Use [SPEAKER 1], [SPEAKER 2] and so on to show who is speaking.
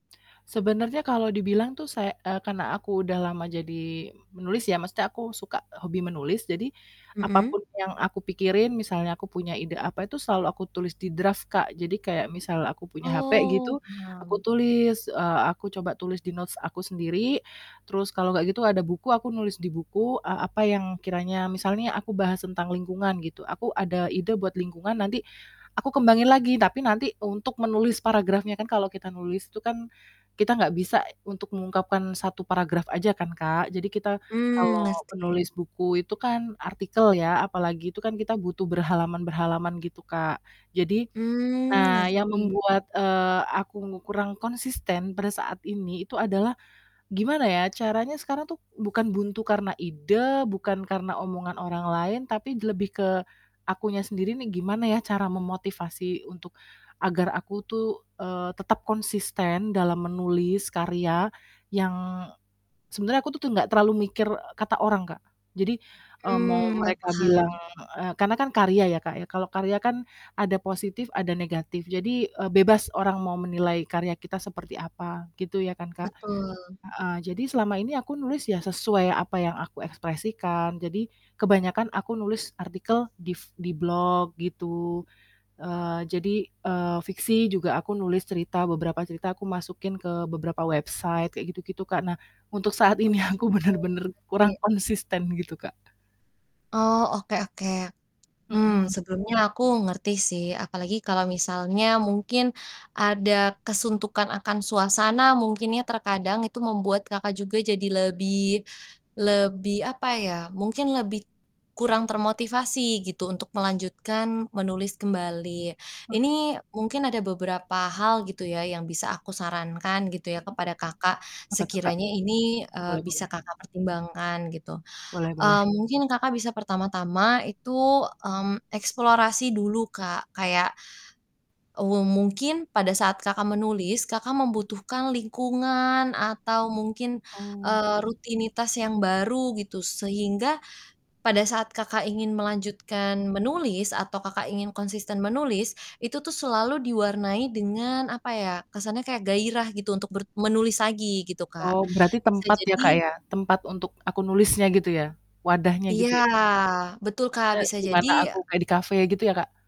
[SPEAKER 1] Sebenarnya kalau dibilang tuh say eee, karena aku udah lama jadi menulis ya, maksudnya aku suka hobi menulis jadi, apa
[SPEAKER 2] Mhm.
[SPEAKER 1] pun yang aku pikirin misalnya aku punya ide apa itu selalu aku tulis di draft Kak, jadi kayak misal aku punya hape gitu,
[SPEAKER 2] Oh,
[SPEAKER 1] aku
[SPEAKER 2] paham.
[SPEAKER 1] tulis, eee, aku coba tulis di notes aku sendiri, terus kalau nggak gitu ada buku nulis di buku, eee, apa yang kiranya misal nih aku bahas tentang lingkungan gitu, aku ada ide buat lingkungan nanti, aku kembangin lagi tapi nanti untuk menulis paragrafnya, kan kalau kita nulis itu kan, kita nggak bisa untuk mengungkapkan 1 paragraf aja kan Kak. Jadi kita
[SPEAKER 2] Mmm,
[SPEAKER 1] kalau
[SPEAKER 2] ngerti.
[SPEAKER 1] penulis buku itu kan artikel ya apalagi, itu kan kita butuh berhalaman-berhalaman gitu Kak, jadi,
[SPEAKER 2] Mmm,
[SPEAKER 1] nah yang
[SPEAKER 2] ngerti.
[SPEAKER 1] membuat, eee, aku ngu kurang konsisten pada saat ini itu adalah, gimana ya caranya sekarang tuh bukan buntu karena ide, bukan karena omongan orang lain tapi lebih ke akunya sendiri nih gimana ya cara memotivasi untuk agar aku tuh, eee, tetap konsisten dalam menulis karya yang sebenarnya aku tuh nggak terlalu mikir, eee, kata orang Kak, jadi, eee,
[SPEAKER 2] Mmm,
[SPEAKER 1] mau
[SPEAKER 2] iya
[SPEAKER 1] mereka
[SPEAKER 2] paham.
[SPEAKER 1] bilang eee, karena kan karya ya Kak ya, kalau karya kan, ada positif ada negatif, jadi, eee, bebas orang mau menilai karya kita seperti apa gitu ya kan Kak.
[SPEAKER 2] Betul.
[SPEAKER 1] Heeh, jadi selama ini aku nulis ya sesuai apa yang aku ekspresikan, jadi, kebanyakan aku nulis artikel di f di blog gitu, eee, jadi, eee, fiksi juga aku nulis cerita, beberapa cerita aku masukin ke beberapa website kayak gitu gitu Kak, nah, untuk saat ini
[SPEAKER 2] Oke,
[SPEAKER 1] aku bener-bener
[SPEAKER 2] ngerti.
[SPEAKER 1] kurang konsisten gitu, Kak.
[SPEAKER 2] Oh oke oke, mmm,
[SPEAKER 1] Mhm.
[SPEAKER 2] sebelumnya aku ngerti sih, apalagi kalau misalnya mungkin ada kesuntukan akan suasana mungkin ya terkadang itu membuat Kakak juga jadi lebih lebih apa ya, mungkin lebih kurang termotivasi gitu untuk melanjutkan menulis kembali,
[SPEAKER 1] Heeh.
[SPEAKER 2] ini mungkin ada beberapa hal gitu ya yang bisa aku sarankan gitu ya
[SPEAKER 1] Mhm,
[SPEAKER 2] kepada Kakak
[SPEAKER 1] apa tuh Kak?
[SPEAKER 2] sekiranya ini, eee,
[SPEAKER 1] Boleh boleh.
[SPEAKER 2] bisa Kakak pertimbangkan gitu,
[SPEAKER 1] Boleh boleh.
[SPEAKER 2] eee, mungkin Kakak bisa pertama-tama itu, mmm, eksplorasi dulu Kak kayak we mungkin pada saat Kakak menulis Kakak membutuhkan lingkungan atau mungkin,
[SPEAKER 1] Oh.
[SPEAKER 2] eee, rutinitas yang baru gitu sehingga, pada saat Kakak ingin melanjutkan menulis atau Kakak ingin konsisten menulis, itu tuh selalu diwarnai dengan apa ya, kesannya kayak gairah gitu untuk ber menulis lagi gitu Kak,
[SPEAKER 1] Oh berarti
[SPEAKER 2] bisa
[SPEAKER 1] tempat ya Kak
[SPEAKER 2] jadi
[SPEAKER 1] ya, tempat untuk aku nulisnya gitu ya, wadahnya
[SPEAKER 2] Iya
[SPEAKER 1] gitu ya?
[SPEAKER 2] betul Kak
[SPEAKER 1] Maksudnya
[SPEAKER 2] bisa jadi
[SPEAKER 1] gimana aku kayak di kafe gitu ya Kak?